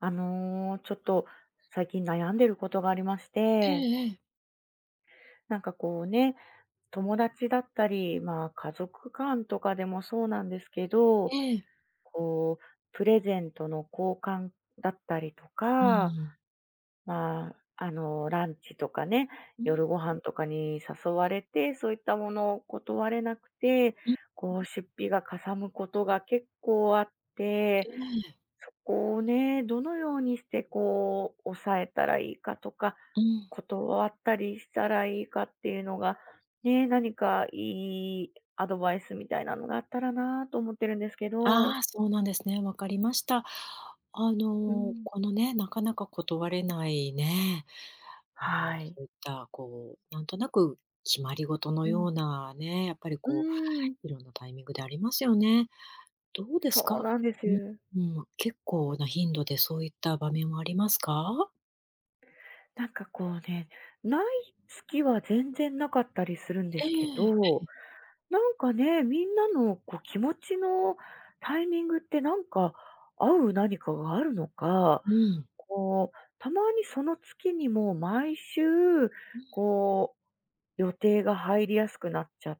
あの、ちょっと最近悩んでることがありましえて。えええ。なんかこうね、友達だったり、まあ、家族間とかでもそうなんですけど、ええ。こうプレゼントの交換だったりとうか、ーん。まあ、あの、ランチとかね、うん。夜ご飯とかに誘われて、そういったものを断れなくて、うんうん。こう出費がかさむことが結構あって、ええ。そこをね、どのようにしてこう抑えたらいいかとか、うん。断ったりしたらいいかっていうのが、ね、何かいいアドバイスみたいなのがあったらなと思ってるんですけあど。あ、そうなんですね。分かりました。あうの、ん。このね、なかなか断れないね、あの、はそい。ういったこう、なんとなく決まり事のうようん。なね、やっぱりうこーん。う、色んなタイミングでありますよね。どうですそうか。なんでうす。うん、あ、結構な頻度でそういった場面はありますか？なんか、こうね、無い月は全然無かったりするんでえすけえ、え、ど、ん。なんかね、みんなの、こう、気持ちのタイミングってなんか、合う何かがあるのか、うん。こう、たまにその月にもう毎週、うん。こう、予定が入りやすくなっちゃっ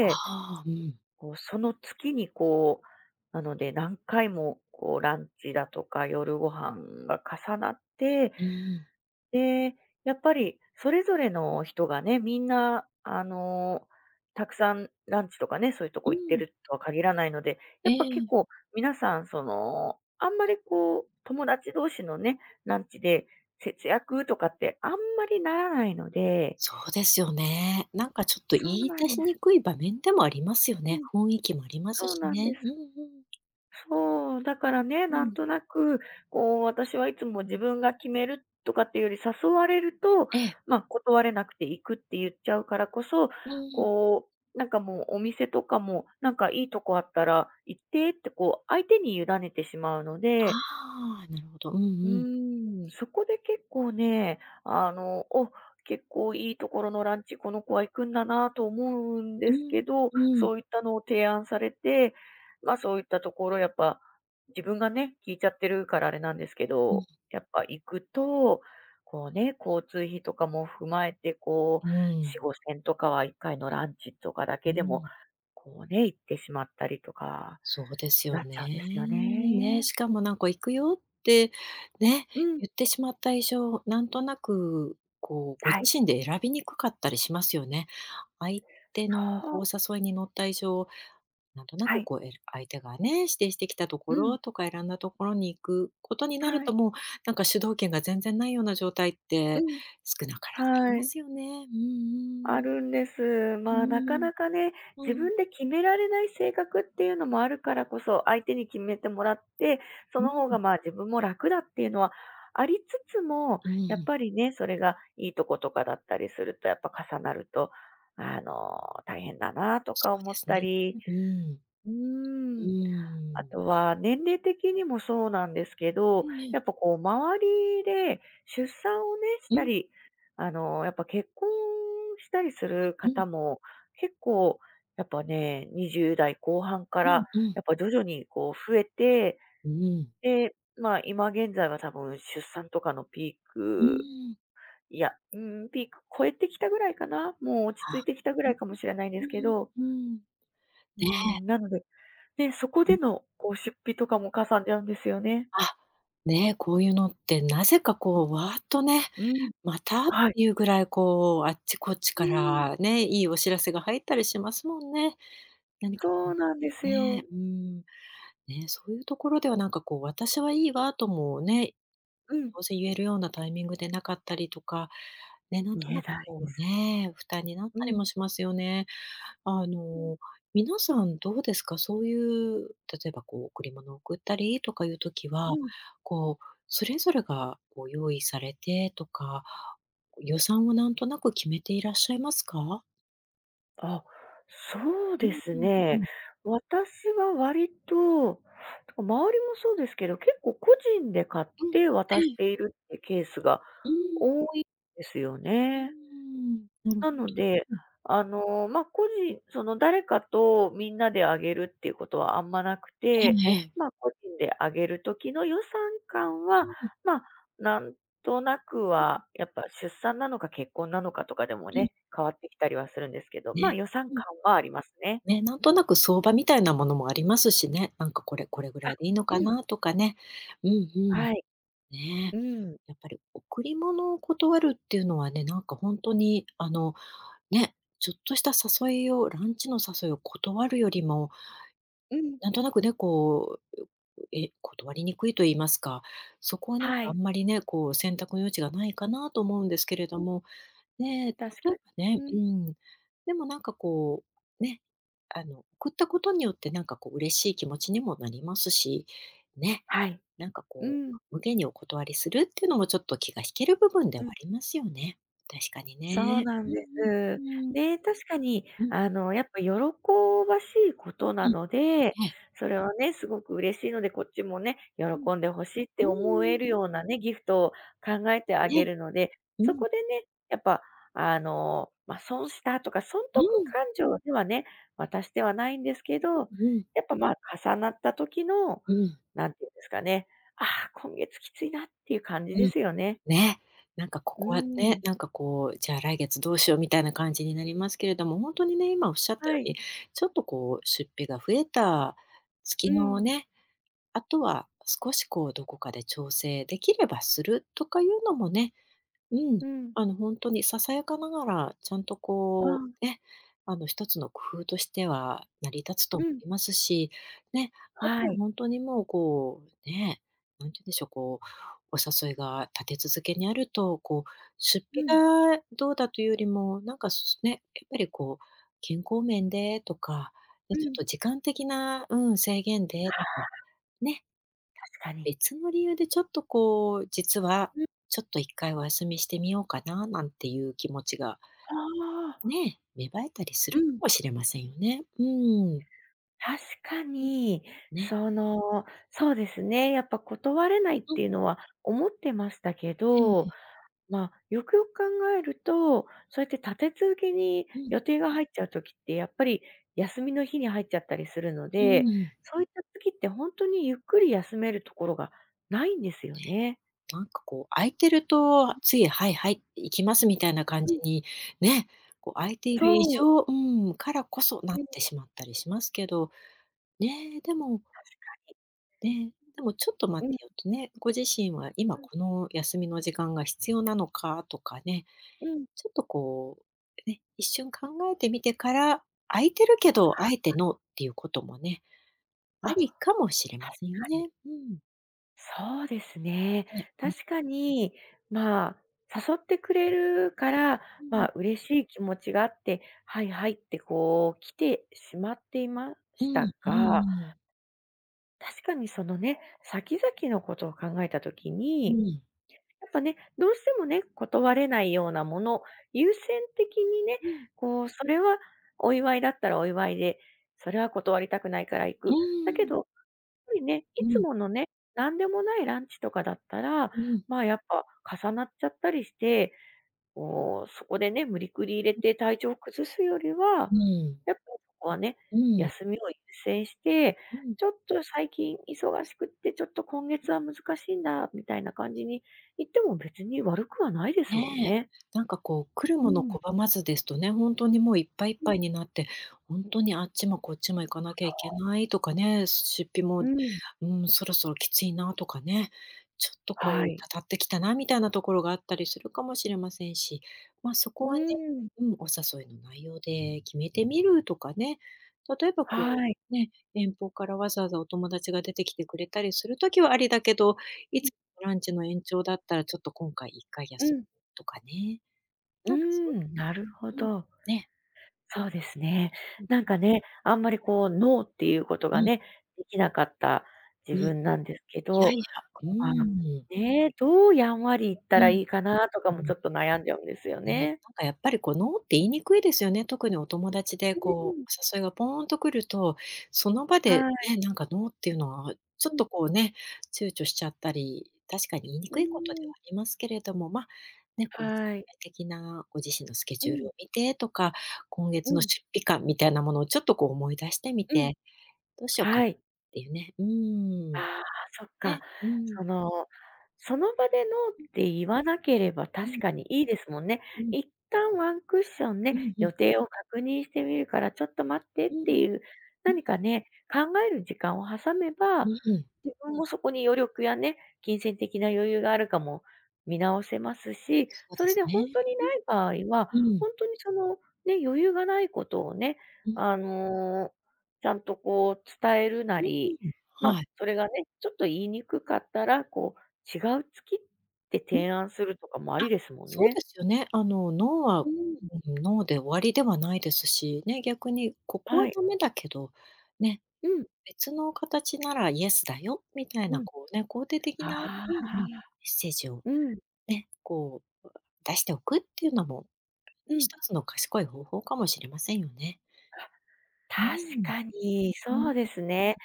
あ、はあ、うん。こう、その月に、こう、なので、何回も、こう、ランチだとか、夜ご飯が重なって、うんうん。で、やっぱりそれぞれの人がね、みんな、あの、たくさんランチとかね、そういうとうこ行っていん。るとは限らないので、やえっぱ結え。構皆さんその、あんまりこう友達同士のね、ランチで、節約とかってあんまりならないので。そうですよね。なんかちょっと言そういな出んしでにす。くい場面でもありますようね。ん。雰囲気もありますそうしなんでね。す。うんうん。そう、だからね、うなんん。となく、こう、私はいつも自分が決めるとかっていうより、誘われると、ええ。まあ、断れなくて、「行く」って言っちゃうからこそ、うんうん。こう、なんかもうお店とかも、「なんかいいとこあったら言って」って、こう、相手に委ねてしまうのあであああ、なるほど。うんううん。ーん、そこで結構ね、あの、「お、結構いいところのランチ、この子は行くんだな」と思うんうですん、けど、うん。そういったのを提案されて、まあ、そういったところ、やっぱ、自分がね、聞いちゃってるからあれなんですけうん。ど、やっぱ行くと、こうね、交通費とかも踏まえて、こうう、しん。ごせんとかは1回のランチとかだうーけでも、ん。こうね、いってしまったりとか、そうですよなっね。ちゃうんですよね、ね。しかもなんか、「行くよ」って、ね、うん。言ってしまった以上、なんとなく、こう、ごは自い。身で選びにくかったりしますよね。相手の、そこう、う。誘いに乗った以上、なんとなはく、い。こう、えら相手がね、指定してきたとこうん。ろとか選んだところに行くことになるはとい。もう、なんか主導権が全然ないような状態っうて、ん。少なからずありはまい。すよね。うんうあん。るんです。うまあ、なーかん。なかね、う自ん。分で決められない性格っていうのもあるからこそ、相手に決めてもらって、そうんの方うん。が、まあ、自分も楽だっていうのはありつつも、うんうやっん。ぱりね、それがいいとことかだったりすると、やっぱ重なると、あの、大変だなとそかう思でっすたね。うりうーん。うーうん、ーあん。とは年齢的にもそうなんですけうど、んうん。やっぱ、こう、周りで出産をね、しうたん。り、あの、やっぱ結婚したりするうん。方も、結構、やっぱね、20代後半かうら、んうん。やっぱ徐々に、こう、増えて、ううん。で、まあ、今現在は多分出産とかのピーうんクうん。いや、うーん、ピーク越えてきたぐらいかな、もう落ち着いは。てきたぐんらん。いかもしれないんでうすけんどうん。うーん。ねうえ。ん、なので、で、そこうん。での、こう、出費とかもかさんじゃうんですよね。あ、ね、こういうのってなぜか、こう、わーっとね、うん、また、ってはい。いうぐらいこうあっちこっちうかーん。らね、いいお知らせが入ったりしますもんね。何かこうそうなんですね、よ。うん。ね、そういうところではなんか、こう、「私は、いいわ」ともね、うん。当然言えるようなタイミングでなかったりとか、ね、何言とえなくないこでうす。ね、負担になっうたりもん。しますよね。あうん。の、皆さんどうですか？そういう、例えば、こう、贈り物贈ったりとかいう時は、うん。こう、それぞれがご用意されてとか、こう、予算をなんとなく決めていらっしゃいますか？あ、そううでんすうんうね。ん。私は割と、てか、周りもそうですけど、結構個人で買っうん。てう渡しん。ているってケースがうーん。多いんですようーね。ん、なるなので、うん。あの、ま、個人その、誰かとみんなであげるっていうことはあんまなくえて、えええ。ま、個人であげるときの予算感うは、ん。ま、なんとなくうん。はやっぱ出産なのか結婚なのかとかでもうん。ね、変わってきたりはするんですけど、ま、ね、予算うん。感はありますね。ね、何となく相場みたいなものもありますしね、「なんかこれ、これぐらいあ、でいいのかうん。な」とかね。うんうん。はい。ねうん。え。やっぱり贈り物を断るっていうのはね、何かほんとに、あの、ね、ちょっとした誘いをランチの誘いを断るよりも、うん。何となくね、こう、うう、え、断りにくいと言いますか、そこはなんはかあい。んまりね、こう選択の余地がないかなと思うんですけれどうん。も、ね、例え確かばに、ね、ううん。ん。でもなんかこう、ね、あの、送ったことによって何かこう嬉しい気持ちにもなりますし、ね。はい。なんかうこう、ん。無下にお断りするってのもちょっと気が引ける部分ではうあん。りますよね。確かにそうね。なうんんです。うん、うーん。ね、確かに、うん。あの、やっぱ喜ばしいことうなん。ので、ええ。それはね、すごく嬉しいので、こっちもね、うん。喜んで欲しいってう思んうえん。るようなね、ギフトを考えてあげね。るので、うそん。こでね、やっぱ、あの、ま、損したとか、損う得ん。勘定ではね、渡してはないんですけ [unintelligible] ど、うん。やっぱ、まあ、重なった時の、うん。なんていうんですかね、ああ、今月きついなっていう感じうでん。すよね。ね、なんかこうーこはね、ん。なんかこう、じゃあ来月どうしようみたいな感じになりますけれども、ほんとにね、今おっしゃったはようい。に、ちょっとこう出費が増えた月うのん。ね、あとは少し、こう、どこかで調整できればするとかいうのもね、うん、うん。あの、ほんとにささやかながら、ちゃんとあこあ。う、ね、あの、1つの工夫としては成り立つとう思ん。いますし、ね、あとははい。ほんとにもう、こう、ねえ、何て言うんでしょう、こう、お誘いが立て続けにあると、こう、出うん。費がどうだというよりも、なんか、すね、やっぱりこう、健康面でとか、ね、うちょっとん。時間的な、うん、制限ではとかあ。ね確かに。別の理由でちょっとこう、実はうん。ちょっと1回お休みしてみようかななんていう気持ちがああ。ね、芽生えたりすうるかん。もしれませんよね、うんうん。確かん。に、ね。その、そうですね、やっぱ断れないっうん。ていうのは思ってましたけうん、ふど、ん。ま、よくよく考えると、そうやって立て続けにうん。予定が入っちゃう時って、やっぱり休みの日に入っちゃったりするのうーで、ん、うん。そういった時ってほんとにゆっくり休めるところがないんですよね。なんかこう、空いてるとうん。つい、「はいはい、行きます」みたいな感うじん。に、ねえ、こう空いている以そう。上うん、からこそなっうん。てしまったりしますけど、ねえ、でも確ね、でも、「ちょっとか待に。うん。てよ」とね、ご自身は、「今うん。この休みの時間が必要なのか」とかね、うん。ちょっとこう、ね、一瞬考えてみてから、空いてるけど、あえて「ノー」っていうこともね、ああ、確りかもしれませんかに。ね。うん。そうですね、え、ん。確かに、まあ、誘ってくれるから、うまん。あ、嬉しい気持ちがあって、はい、はい、ってこう来てしまっていまうしん、たうがん。確かにそのね、先々の事を考えた時うに、ん。やっぱね、どうしてもね、断れないようなもの、優先的にね、うん。こう、それは、お祝いだったらお祝いで、それは断りたくないから行うく。だけん。ど、ぱりね、いうつん。ものね、何でもないランチとかだったら、うん。まあ、やっぱ、重なっちゃったりして、こう、そこでね、無理くり入れうん。て、体調を崩すよりは、うん。やっぱそこはね、うん。休みを優先して、うん。「ちょっと最近忙しくって、ちょっと今うん。月は難しいんだ」みたいな感じに言っても、別に悪くはないですもんね。ね。何かこう、来るうものん。拒まずですとね、本当にもう、いっぱい、いっうぱん。いになって、本当にあっちもこっちも行かそなきゃいけう。ないとかね、出費も、ううん。ーん、そろそろキツいな、とかね、ちょっとこはう、い。たたって来たな、みたいなところがあったりするかもしれませんし、まあ、そこうはね、ん。うん、お誘いの内容で、決めてみるとかね、例えばこう、はい。ね、遠方からわざわざお友達が出て来てくれたりする時はありだけど、いうん。つ、ランチの延長だったら、ちょっと今回、1回う休むん。とかね、う何かそうん、なるほうん、ど。ね。そうですう、ね、うん。何かね、あんまりこう、ノーって言う事うがん。ね、出来なかったうん、自い分なんですけやいど、や、うまあ、ん。ね、どうやんわり言っうたらん、良いかなとかうも、ちん。ょっと悩んじゃうんですよね、ね。何かやっぱりこうノーって言いにくいですよね、特にお友達でうこん。う、お誘いがポーンと来ると、その場ではい。ね、何かノーって言うのは、ちょっうん。とこう、ね、躊躇しちゃったり、確かに言いにうくい事でーはん。ありますけれども、ま、ね、こう全はい。体的なご自身のスケうジュールん。を見てとか、今月うのん。出費感みたいなものをちょっとこう思い出してみうん、て、どうしようか、っはい。て言うね、うあん、あ、そっか、ね、うん。その、その場でノーうん。って言わなければ、う確ん。かに良いですもんね、うん。一旦、ワンクッションうね、んう予ん。定を確認してみるからちょっと待ってっうてん、言う、う。何かね、考える時間を挟めうば、うん。自分もそこに余力やね、金銭的な余裕があるかも見直せますし、そうそでれすでほんね、とにうん、ない場合は、うん。ほんとにその、ね、余裕がない事をね、うん。あの、ちゃんとこう伝えるなうーり、ん、ま、はい。それがね、ちょっと言いにくかったら、こう違う月ってうん、提案するとかもああ、りですもんそうね。ですよね、あの、ノーは、うん。うん、ノーで、終わりではないですし、ね、逆に、ここははい。ダメだけど、ね、うん。別の形なら、イエスだよ、みたいうなん、こう、ね、肯定的あなうんあ、うん、メッセージを、うん。ね、こう出しておく、って言うのも、うひん。とつの賢い方法かもしれませんよね。あ、う確ん、かに、う-そうでう。すね、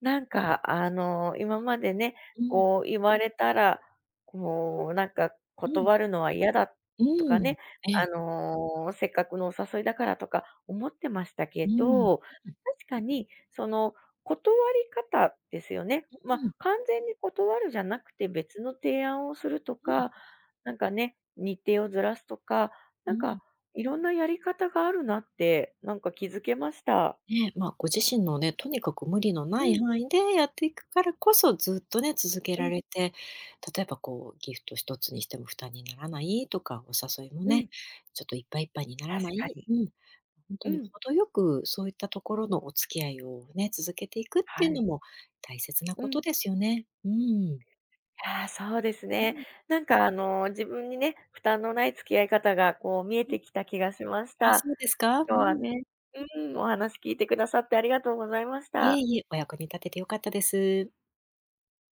何か、あの、今までね、うん。こう言われたら、こう何か、うん。断るのは嫌だ、うとかん、ね、えあえ。の、せっかくのお誘いだからとか思ってましたうけん。ど、確うう。かに、その、断り方ですよね。ま、うん。完全に断るじゃなくて別の提案をするとうん。か、何かね、日程をずらすとか、う何ん。か、いろんなやり方があるなって、何か気づけました。ね、ま、ご自身のね、とにかく無理のなういん。範囲でやって行くからこそ、ずっとね、続けうらん。れて、例えばこう、ギフト一つにしても、負担にならないとか、お誘いもうね、ん。ちょっと、いっぱいいっぱいになら確なかい、に、うん、ほんとうに、ん。程よくそう言ったところのお付き合いをね、続けて行くっては言うのい。も大切なう事ん。ですよね。うーん。ああ、そうですうね、ん。何かあの、自分にね、負担のない付き合い方が、こう、見えうん。て来た気がしましあ、た、そうですか。う今日はん。ね、うん、お話聞いて下さって、ありがとうございましいえた。いえ、お役に立てて良かったです。